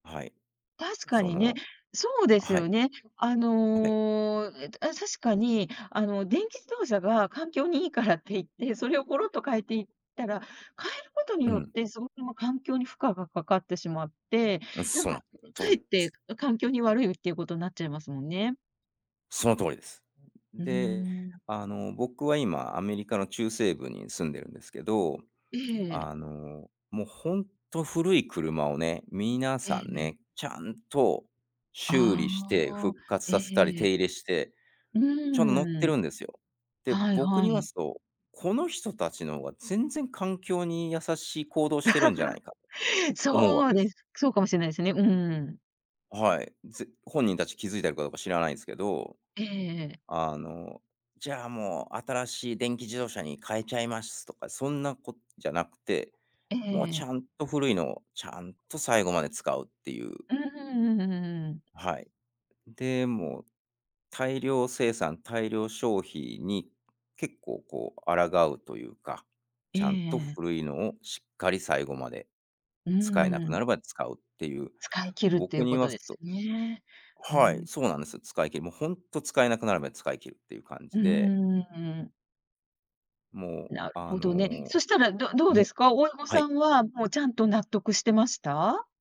はい。確かそにね、の、そうですはよい。ね。あはい。の、ええ、あ、た確かに、あの、電気自動車が環境にいいからって言って、それをころっと変えていったら、変えることにうよっん。て、すごく、ま、環境に負荷がかかってしまって、うん、なんそうか、なかんそうえなんっでてす。環境に悪いっていうことになっちゃいますもんね。その通りです。で、うん。あの、僕は今アメリカの中西部に住んでるんですけど、ええ。あの、もうほんと古い車をね、皆えさんえ。ね、ちゃんと、修理あしてあ、復活させたりえ手え。入れして。うちゃん、乗ってーん。るんですよ。で、はい僕はに言わい。すと、この人達の方が全然環境に優しい行動をしてるんじゃないか、思うそう訳です。です。そうかもしれないですね、うん。はい。ぜ本人たち気づいてるかどうか知らないんすけど。ええ。あの、じゃあ、もう新しい電気自動車に変えちゃいますとかそんなことじゃなくて、えもうちえ。ゃんと古いのをちゃんと最後まで使うっていう。うん、ううううん。はい。でも、大量生産大量消費に結構こう抗うというか、えちゃんとえ。古いのをしっかり最後までう使えなくなん。るまで使うっていう。使い切るってい僕うにこ言とわですすとよね。うはい、ん。そうなんですよ。使い切る。もう本当使えなくなるまで使い切るっていう感うーじで。ん、うん。もうなるあほどね。のそしたら、どどうでね、すか？親御はさい。んはもうちゃんと納得してました？